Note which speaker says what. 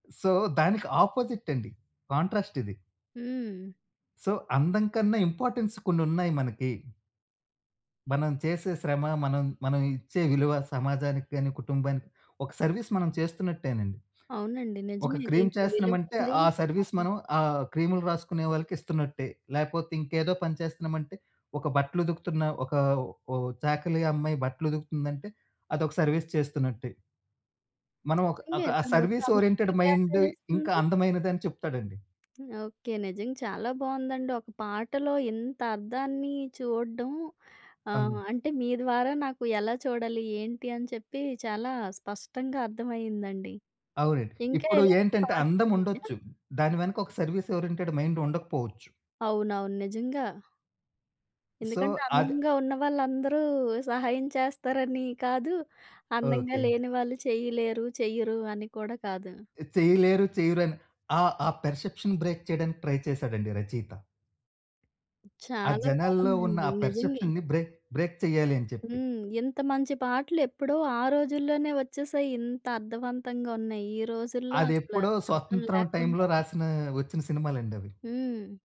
Speaker 1: So, దానికి opposite అండి contrast ఇది.
Speaker 2: హ్మ్.
Speaker 1: సో, అందం కన్నా ఇంపార్టెన్స్ కొన్ని ఉన్నాయి మనకి. మనం చేసే శ్రమ మనం, మనం ఇచ్చే విలువ సమాజానికి కానీ, కుటుంబానికి ఒక సర్విస్ మనం చేస్తున్నట్టేనండి.
Speaker 2: అవునండి.
Speaker 1: ఒక
Speaker 2: నిజమే.
Speaker 1: క్రీమ్
Speaker 2: దీనికి
Speaker 1: చేస్తున్నామంటే,
Speaker 2: విలువుంది.
Speaker 1: ఆ సర్వీస్
Speaker 2: అవును.
Speaker 1: మనం ఆహ్, క్రీములు రాసుకునే వాళ్ళకిస్తున్నట్టే. లేకపోతే ఇంకేదో పని చేస్తున్నామంటే ఒక బట్టలు ఉతుకుతున్న, ఒక ఓ చాకలి అమ్మాయి బట్టలు ఉతుకుతుందంటే అదొక సర్వీస్ చేస్తున్నట్టే. మనం ఒక,
Speaker 2: నిజంగె
Speaker 1: ఒక
Speaker 2: తను
Speaker 1: సర్విస్
Speaker 2: సమయాన్ని
Speaker 1: ఓరియెంటెడ్ మైండ్ ఇంకా
Speaker 2: కేటాయిస్తుంది
Speaker 1: అందమైనది అని చెప్తాడండి.
Speaker 2: ఓకే. నిజంగా చాలా బావుందండి! ఒక పాటలో ఇంత అర్థాన్ని చూడ్డం ఆహ్,
Speaker 1: అవును.
Speaker 2: అంటే మీ ద్వారా నాకు ఎలా చూడాలి? ఏంటి? అని చెప్పి చాలా స్పష్టంగా అర్థమయిందండి.
Speaker 1: అవునండి.
Speaker 2: ఇంకా
Speaker 1: ఇప్పుడు
Speaker 2: ఇలాంటి
Speaker 1: ఏంటంటే
Speaker 2: థాట్స్ ఉన్నాయా?
Speaker 1: అందముండొచ్చు. దాని వెనక ఒక సర్విస్ ఓరియెంటెడ్ మైండ్ ఉండకపోవచ్చు.
Speaker 2: అవునవును. నిజంగా!
Speaker 1: సో,
Speaker 2: ఎందుకంటే
Speaker 1: అది
Speaker 2: అందంగా ఉన్న వాళ్ళందరూ సహాయం చేస్తారని కాదు, అందంగా
Speaker 1: ఓకే.
Speaker 2: లేని వాళ్ళు చేయలేరు చెయ్యరు అని కూడా కాదు.
Speaker 1: చెయ్యలేరు. చెయ్యరని ఆహ్, ఆ పర్సెప్షన్ బ్రేక్ చేయడానికి ట్రై చేసాడండి రచయిత. ఆ
Speaker 2: చాలా
Speaker 1: జనాల్లో ఉన్న
Speaker 2: బావుందండి
Speaker 1: ఆ
Speaker 2: నిజంగె.
Speaker 1: పర్సెప్షన్‌ని బ్రేక్, బ్రేక్ చెయ్యాలి అని చెప్పి.
Speaker 2: హ్మ్. ఇంత మంచి పాటలెప్పుడో ఆ రోజుల్లోనే వచ్చేసాయి. ఇంత అర్థవంతంగా ఉన్నాయి. ఈ రోజుల్లో
Speaker 1: అది
Speaker 2: అసల
Speaker 1: ఎప్పుడో
Speaker 2: అర్థం
Speaker 1: స్వతంత్రం
Speaker 2: లేకుండా
Speaker 1: టైమ్‌లో రాసిన వచ్చిన సినిమాలండి అవి.
Speaker 2: హ్మ్.